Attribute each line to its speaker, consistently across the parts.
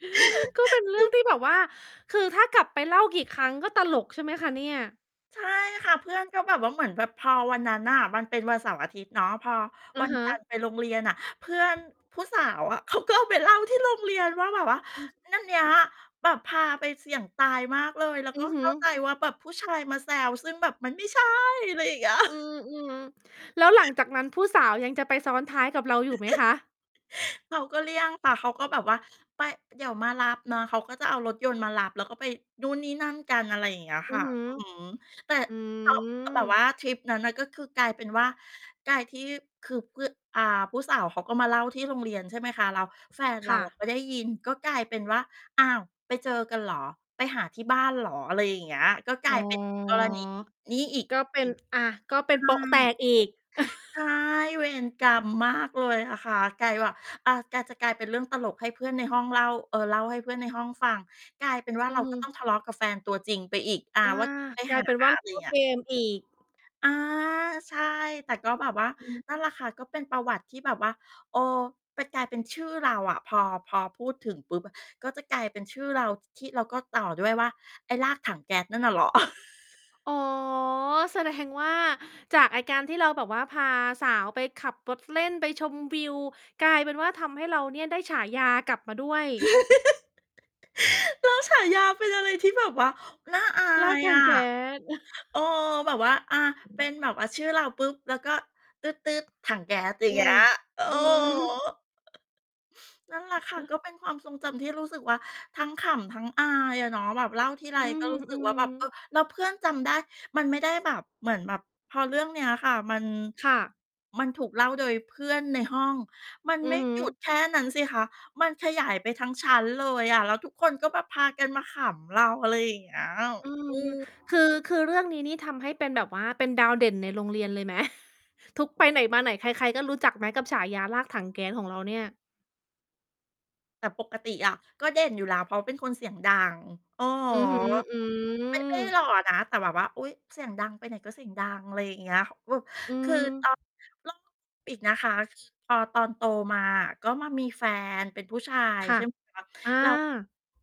Speaker 1: ก็เป็นเรื่องที่แบบว่า คือถ้ากลับไปเล่ากี่ครั้งก็ตลก ใช่ไหมคะเนี่ย?
Speaker 2: ใช่ค่ะ เพื่อนก็แบบว่า เหมือนแบบ พอวันนั้นน่ะ มันเป็นวันเสาร์อาทิตย์เนาะ พอ
Speaker 1: อ
Speaker 2: ว
Speaker 1: ะ
Speaker 2: ัน
Speaker 1: ฮ
Speaker 2: จันท
Speaker 1: ะ
Speaker 2: ร์ ไปโรงเรียนน่ะ เพื่อนผู้สาวอะ เขาก็เอาไปเล่าที่โรงเรียนว่า แบบว่า
Speaker 1: อืม
Speaker 2: นั่นเนี้ยแบบพาไปเสี่ยงตายมากเลย แล้ว
Speaker 1: อื
Speaker 2: ก็
Speaker 1: อฮ
Speaker 2: เ
Speaker 1: ึ
Speaker 2: ข้า ใจว่า แบบผู้ชายมาแซว ซึ่งแบบมันไม่ใช่ อะไรอย่าง เงี้ย
Speaker 1: อืม ๆ แล้วหลังจาก นั้นผู้สาว ยังจะไปซ้อนท้ายกับเราอยู่ไหมคะ?
Speaker 2: เขาก็เลี่ยง แต่เขาก็แบบว่า ไป เดี๋ยวมารับนะ เขาก็จะเอารถยนต์มารับ แล้วก็ไปนู่นนี่นั่นกัน อะไรอย่างเงี้ย
Speaker 1: อื
Speaker 2: ค
Speaker 1: อ
Speaker 2: ่ะ
Speaker 1: ฮึ
Speaker 2: อือฮึ แต่
Speaker 1: อื
Speaker 2: แต่ แบบว
Speaker 1: ม
Speaker 2: ่าทริปนั้นอะ ก็คือกลายเป็นว่า กลายที่ คือเพื่อน อ่า ผู้สาวเขาก็มาเล่าที่โรงเรียน ใช่ไหมคะ แล้วแฟน
Speaker 1: ค
Speaker 2: เร
Speaker 1: ่
Speaker 2: าอ
Speaker 1: ะ
Speaker 2: ะ ไป ได้ยิน ก็กลายเป็นว่า อ้าว ไปเจอกันเหรอ? ไปหาที่บ้านเหรอ? อะไรอย่างเงี้ย ก็กล
Speaker 1: อ๋อ
Speaker 2: าย เป็นกรณี นี้อีก
Speaker 1: ก็เป็น อ่า ก็เป
Speaker 2: อีก
Speaker 1: ็
Speaker 2: ใช
Speaker 1: น
Speaker 2: ่
Speaker 1: โป๊ะแตกอีก
Speaker 2: ใช่ เวรกรรมมากเลยอะค่ะ กลายว่า อา กะจะกลายเป็นเรื่องตลกให้เพื่อนในห้องเล่า เอ่อ เล่าให้เพื่อนในห้องฟัง กลายเป็นว่า
Speaker 1: อื
Speaker 2: เร
Speaker 1: อ
Speaker 2: า
Speaker 1: ฮ
Speaker 2: ก็
Speaker 1: ึ
Speaker 2: ต้องทะเลาะกับแฟนตัวจริงไปอีก อ่า
Speaker 1: อา
Speaker 2: ว่า ไป
Speaker 1: กล
Speaker 2: ห
Speaker 1: า
Speaker 2: า
Speaker 1: ยเป็นว่า
Speaker 2: อะไรอย
Speaker 1: ก
Speaker 2: ่
Speaker 1: ็
Speaker 2: างเงี้
Speaker 1: เก
Speaker 2: ย
Speaker 1: มอีก
Speaker 2: อา ใช่ แต่ก็แบบว่า
Speaker 1: อืม
Speaker 2: นั่นแหละค่ะ ก็เป็นประวัติที่แบบว่า เออ ไปกลายเป็นชื่อเราอะ พอ พอพูดถึงปุ๊บ ก็จะกลายเป็นชื่อเรา ที่เราก็ต่อด้วยว่า ไอ้ลากถังแก๊สนั่นน่ะเหรอ?
Speaker 1: อ๋อ แสดง ว่าจากไอ้การที่เราแบบว่า พาสาวไปขับ รถ เล่น ไปชมวิว กลายเป็นว่า ทำให้เราเนี่ยได้ฉายากลับมาด้วย
Speaker 2: แล้วฉายาเป็นอะไรที่แบบว่า น่าอา
Speaker 1: ลาก
Speaker 2: ย
Speaker 1: ถั
Speaker 2: อ
Speaker 1: ง
Speaker 2: ะ
Speaker 1: แก๊ส
Speaker 2: เออ แบบว่า อา เป็นแบบว่าชื่อเราปุ๊บ แล้วก็ตึ๊ด ๆ ถังแก๊ส อย่
Speaker 1: อ
Speaker 2: า
Speaker 1: ื
Speaker 2: ง เงี้
Speaker 1: อ
Speaker 2: ย เออ
Speaker 1: อือ ฮึ
Speaker 2: นั่นแหละ
Speaker 1: อะ
Speaker 2: ค่
Speaker 1: ฮ
Speaker 2: ะ
Speaker 1: ะ
Speaker 2: ก็เป็นความทรงจำที่รู้สึกว่า ทั้งขำ ทั้งอายอะเนาะ แบบเล่าทีไร
Speaker 1: อื
Speaker 2: ก็รู้สึกว่า แบ
Speaker 1: ม
Speaker 2: บ เออ
Speaker 1: ๆ
Speaker 2: แล้วเพื่อนจำได้ มันไม่ได้แบบเหมือนแบบ พอเรื่องเนี้ยค่ะ มัน
Speaker 1: ค่ะ
Speaker 2: มันถูกเล่าโดยเพื่อนในห้อง มัน
Speaker 1: อื
Speaker 2: ไม่
Speaker 1: อฮ
Speaker 2: หยุด
Speaker 1: ึ
Speaker 2: แค่นั้นสิคะ มันขยายไปทั้งชั้นเลยอะ แล้วทุกคนก็แบบพากันมาขำเรา อะไรอย่างเงี้ย
Speaker 1: อื
Speaker 2: อ
Speaker 1: ม
Speaker 2: ือ
Speaker 1: คือ คือเรื่องนี้นี่ทำให้เป็นแบบว่าเป็นดาวเด่นในโรงเรียนเลยไหม? ทุก ไปไหนมาไหนใคร ๆ ก็รู้จักไหม กับฉายาลากถังแก๊สของเราเนี่ย?
Speaker 2: แต่ปกติอะ ก็เด่นอยู่แล้ว เพราะเป็นคนเสียงดัง อะ
Speaker 1: อือฮึ
Speaker 2: ฮะ
Speaker 1: อื
Speaker 2: ไม่ ไม่ได้
Speaker 1: อ
Speaker 2: หล่อนะ แต่แบบว่า อุ๊ย เสียงดัง ไปไหนก็เสียงดัง อะไรอย่างเงี้ย ว
Speaker 1: อื
Speaker 2: คือ ต
Speaker 1: อ
Speaker 2: ่อ [unintelligible] อีกนะคะ คือ พอตอนโตมาอะ ก็มามีแฟนเป็นผู้ชาย
Speaker 1: ค่
Speaker 2: ใช
Speaker 1: ะ
Speaker 2: ่ไหมคะ
Speaker 1: อา
Speaker 2: เรา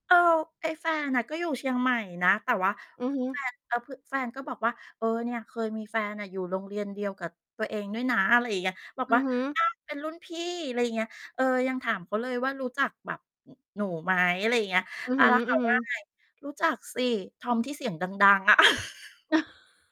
Speaker 2: เออ ไอ้แฟนอะก็อยู่เชียงใหม่นะ แต่ว่า
Speaker 1: อือฮึ
Speaker 2: แฟน เอ่อ คือแฟนก็บอกว่า เออ เนี่ยเคยมีแฟนน่ะอยู่โรงเรียนเดียวกับตัวเองด้วยนะ อะไรอย่างเงี้ย บอก
Speaker 1: อื
Speaker 2: ว
Speaker 1: อ
Speaker 2: ่า
Speaker 1: ฮึ
Speaker 2: อา เป็นรุ่นพี่ ไรอย่างเงี้ย เออ ยังถามเขาเลยว่า รู้จักแบบ หนูไหม? อะไรอย่างเงี้ย
Speaker 1: อือ
Speaker 2: อ
Speaker 1: ฮ
Speaker 2: า แล้วเข
Speaker 1: ึ
Speaker 2: าว่า
Speaker 1: ๆ
Speaker 2: ไง รู้จักสิ ทอมที่เสียงดัง ๆ อะ